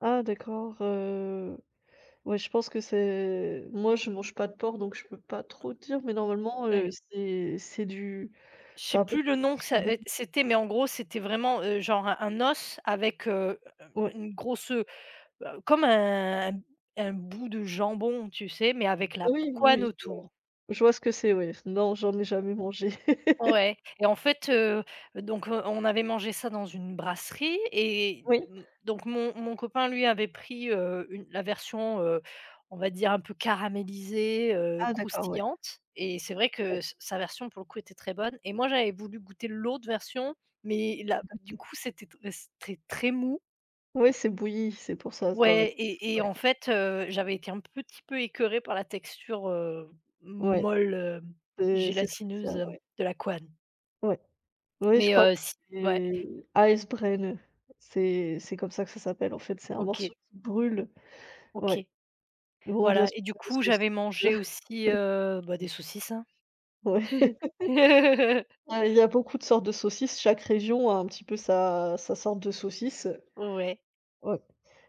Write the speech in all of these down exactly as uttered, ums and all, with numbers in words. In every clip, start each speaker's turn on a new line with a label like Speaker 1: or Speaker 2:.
Speaker 1: Ah d'accord, heu, ouais, je pense que c'est moi je mange pas de porc donc je peux pas
Speaker 2: Hein.
Speaker 1: trop dire mais normalement, heu,
Speaker 2: Ouais.
Speaker 1: c'est c'est du
Speaker 2: Je
Speaker 1: c'est
Speaker 2: sais
Speaker 1: un peu
Speaker 2: plus
Speaker 1: du
Speaker 2: le nom que ça
Speaker 1: jambon.
Speaker 2: est c'était mais en gros c'était vraiment, heu, genre un os avec, heu, hem,
Speaker 1: Ouais.
Speaker 2: une grosse, heu heu, comme un un m un bout de jambon, tu sais, mais avec la p
Speaker 1: Oui,
Speaker 2: couenne
Speaker 1: oui, je vois.
Speaker 2: autour.
Speaker 1: Je vois ce que c'est ouais, non, j'en ai jamais mangé.
Speaker 2: Ouais et en fait, heu, donc heu, on avait mangé ça dans une brasserie et
Speaker 1: Oui.
Speaker 2: m donc mon mon copain lui avait pris, heu, une la version, heu, on va dire un peu caramélisée, heu,
Speaker 1: Ah d'accord, ouais.
Speaker 2: croustillante et c'est vrai que
Speaker 1: Mmh.
Speaker 2: s sa version, pour le coup, était très bonne et moi j'avais voulu goûter l'autre version,
Speaker 1: Oui,
Speaker 2: mais là,
Speaker 1: tout à
Speaker 2: du
Speaker 1: fait.
Speaker 2: coup, c'était t c'était très mou.
Speaker 1: Ouais, c'est bouilli, c'est pour ça s dans le
Speaker 2: Ouais et et
Speaker 1: ouais.
Speaker 2: en fait, heu, j'avais été un petit peu écœurée par la texture, heu,
Speaker 1: Ouais.
Speaker 2: molle, heu,
Speaker 1: C'est c'est
Speaker 2: gélatineuse,
Speaker 1: spécial,
Speaker 2: hem,
Speaker 1: ouais.
Speaker 2: de la couenne.
Speaker 1: Ouais, oui, je
Speaker 2: Mais
Speaker 1: crois que
Speaker 2: heu, si ouais.
Speaker 1: c'est Eisbein c'est c'est comme ça que ça s'appelle en fait, c'est un
Speaker 2: OK.
Speaker 1: morceau qui brûle,
Speaker 2: OK.
Speaker 1: ouais. Bon bien
Speaker 2: Voilà
Speaker 1: sûr
Speaker 2: et du
Speaker 1: pas les
Speaker 2: coup,
Speaker 1: saucisses.
Speaker 2: j'avais mangé aussi, heu, bah des saucisses, hein.
Speaker 1: Ouais. Ah, il y a beaucoup de sortes de saucisses, chaque région a un petit peu sa sa sorte de saucisse, heu,
Speaker 2: Ouais.
Speaker 1: ouais.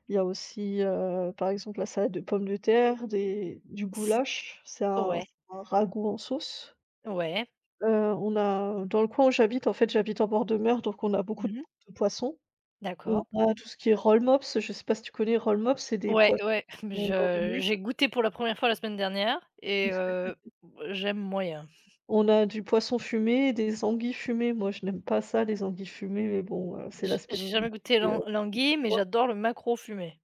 Speaker 1: Il y a aussi, heu, par exemple, la salade de pomme de terre, des du
Speaker 2: Que s
Speaker 1: goulash, c'est un
Speaker 2: ouais.
Speaker 1: c'est un ragoût en sauce.
Speaker 2: Ouais.
Speaker 1: Heu, on a dans le coin où j'habite en fait, j'habite en bord de mer, donc on a beaucoup
Speaker 2: Mmh
Speaker 1: de
Speaker 2: mh.
Speaker 1: poissons. On
Speaker 2: D'acco
Speaker 1: a tout ce qui est rollmops, je sais pas si tu connais rollmops, c'est des
Speaker 2: Ouais,
Speaker 1: poissons
Speaker 2: ouais,
Speaker 1: qui sont dans le
Speaker 2: je
Speaker 1: vinaigre.
Speaker 2: j'ai goûté pour la première fois la semaine dernière et heu, j'aime moyen.
Speaker 1: On a du poisson fumé, des anguilles fumées, moi je n'aime pas ça les anguilles fumées, mais bon, heu, c'est la
Speaker 2: J'ai j'ai
Speaker 1: spécialité,
Speaker 2: jamais goûté
Speaker 1: heu,
Speaker 2: l'an
Speaker 1: du
Speaker 2: l'anguille, mais
Speaker 1: coin.
Speaker 2: j'adore le maquereau fumé.